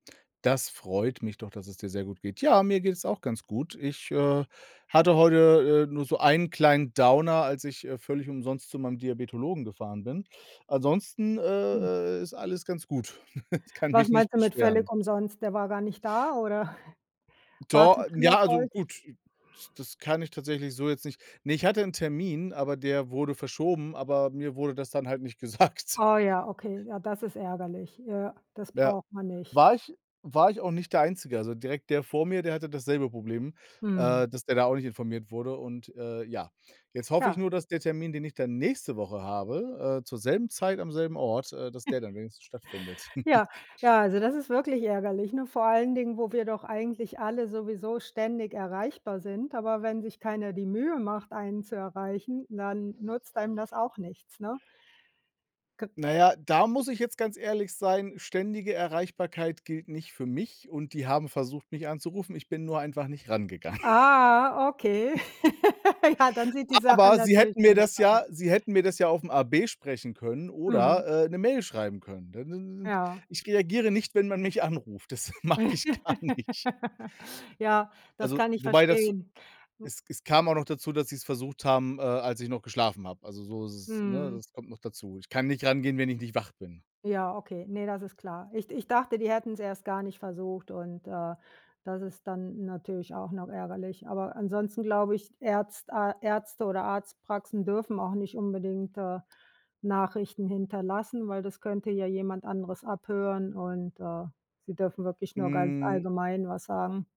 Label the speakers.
Speaker 1: Das freut mich doch, dass es dir sehr gut geht. Ja, mir geht's auch ganz gut. Ich, äh, hatte heute, äh, nur so einen kleinen Downer, als ich, äh, völlig umsonst zu meinem Diabetologen gefahren bin. Ansonsten,
Speaker 2: Hm.
Speaker 1: äh, äh, ist alles ganz gut. Ich kann
Speaker 2: Was
Speaker 1: mich nicht
Speaker 2: meinst du mit völlig
Speaker 1: beschweren.
Speaker 2: umsonst, der war gar nicht da, oder
Speaker 1: Do n
Speaker 2: Wartezimmer
Speaker 1: ja, also
Speaker 2: voll?
Speaker 1: gut, it das kann ich tatsächlich so jetzt nicht Ne, ich hatte 'n Termin, aber der wurde verschoben, aber mir wurde das dann halt nicht gesagt.
Speaker 2: Oh ja, okay, ja das ist ärgerlich. Ja. Das
Speaker 1: Ja,
Speaker 2: braucht man nicht.
Speaker 1: war ich war ich auch nicht der Einzige. Also direkt der vor mir, der hatte dasselbe Problem,
Speaker 2: Mhm.
Speaker 1: äh, dass der da auch nicht informiert wurde. Und, äh, ja, jetzt hoffe ich
Speaker 2: Ja.
Speaker 1: nur, dass der Termin, den ich dann nächste Woche habe, äh, zur selben Zeit, am selben Ort, äh, dass der dann wenigstens stattfindet.
Speaker 2: Ja, ja, also, das ist wirklich ärgerlich, ne? Vor allen Dingen, wo wir doch eigentlich alle sowieso ständig erreichbar sind. Aber wenn sich keiner die Mühe macht, einen zu erreichen, dann nutzt einem das auch nichts, ne? Kö
Speaker 1: Na ja, da muss ich jetzt ganz ehrlich sein, ständige Erreichbarkeit gilt nicht für mich und die haben versucht, mich anzurufen. Ich bin nur einfach nicht rangegangen.
Speaker 2: Ah, okay. Ja, dann sieht die Sache
Speaker 1: Aber sie
Speaker 2: natürlich
Speaker 1: hätten mir
Speaker 2: anders
Speaker 1: das
Speaker 2: aus.
Speaker 1: ja sie hätten mir das ja aufm AB sprechen können
Speaker 2: Mhm.
Speaker 1: oder, äh, 'ne Mail schreiben können. Dann n n
Speaker 2: Ja.
Speaker 1: ich reagiere nicht, wenn man mich anruft. Das mag ich gar nicht.
Speaker 2: Ja, das
Speaker 1: Also,
Speaker 2: kann ich
Speaker 1: wobei das
Speaker 2: verstehen. Hm.
Speaker 1: es es kam auch noch dazu, dass sie's versucht haben, äh, als ich noch geschlafen habe. Also, so ist's, ne?
Speaker 2: Mhm.
Speaker 1: Das kommt noch dazu. Ich kann nicht rangehen, wenn ich nicht wach bin.
Speaker 2: Ja, okay, ne, das ist klar. Ich ich dachte, die hätten's erst gar nicht versucht und, äh, das ist dann natürlich auch noch ärgerlich. Aber ansonsten glaube ich, Ärzt A Ärzte oder Arzt Praxen dürfen auch nicht unbedingt, äh, Nachrichten hinterlassen, weil das könnte ja jemand anderes abhören und, äh, sie dürfen wirklich nur ganz
Speaker 1: Hm.
Speaker 2: allgemein was sagen.